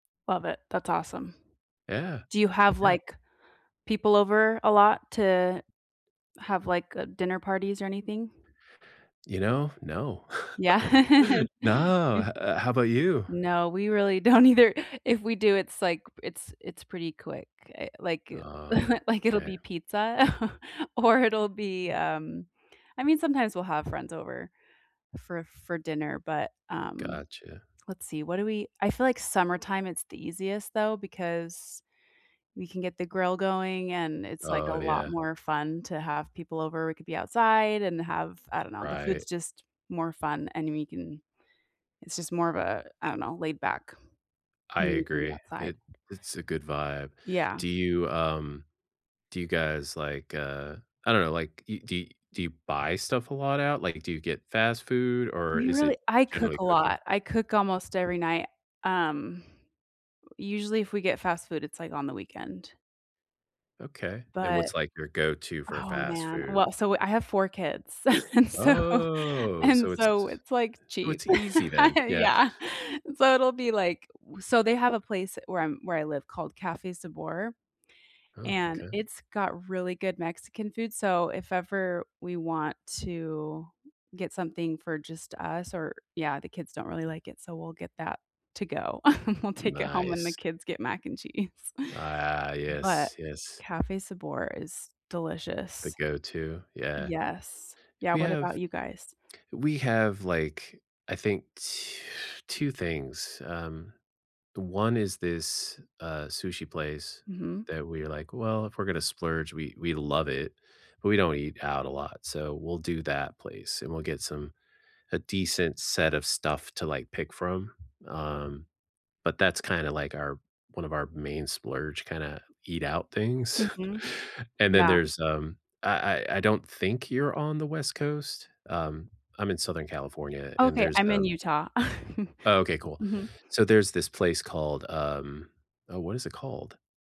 Love it. That's awesome. Yeah. Do you have, Yeah. like, people over a lot to have, like, a dinner parties or anything? You know? No. Yeah? No. H uh, how about you? No. We really don't either. If we do, it's like, it's it's pretty quick. I like, Oh, like, it'll okay. be pizza or it'll be, [unintelligible] um, I mean, sometimes we'll have friends over for for dinner, but, um, Gotcha. let's see. What do we I feel like summertime, it's the easiest though because we can get the grill going, and it's like a Oh, lot yeah. more fun to have people over. We could be outside and have I don't know. The Right. food's just more fun, and we can it's just more of a I don't know, laid back, I and we can be agree. outside. It it's a good vibe. Yeah. Do you, um, do you guys, like, uh, I don't know. Like, you do do you buy stuff a lot out? Like, do you get fast food, or We is really it I cook generally a cooking? lot. I cook almost every night. Um, usually, if we get fast food, it's like on the weekend. Okay, and But what's, like, your go-to for oh, fast man. food? Well, so I have 4 kids, and so Oh, so and it's so it's, like, so cheap. it's easy then. Yeah. Yeah. So it'll be, like so they have a place where I'm where I live called Cafe Sabor, Oh, and 'kay. it's got really good Mexican food, so if ever we want to get something for just us or yeah, the kids don't really like it, so we'll get that to go. We'll take it home when the Nice. kids get mac and cheese, A ah. but Yes. Yes. Cafe Sabor is The delicious. go-to. Yeah. Yes. Yeah. We What have about you guys? we have, like, I think, tw 2 things. Um, the 1 is this, uh, sushi place Mhm. that we're like, "Well, if we're gonna splurge," we we love it, but we don't eat out a lot, so we'll do that place, and we'll get some a decent set of stuff to, like, pick from. Um, but that's kinda like our 1 of our main splurge kinda eat out things, Mhm. and then Yeah. there's, um, I I I don't think you're on the West Coast. Um, I'm in Southern California, and Okay. there's, I'm in um Utah. Oh okay, cool. Mhm. So there's this place called, um Oh, what is it called?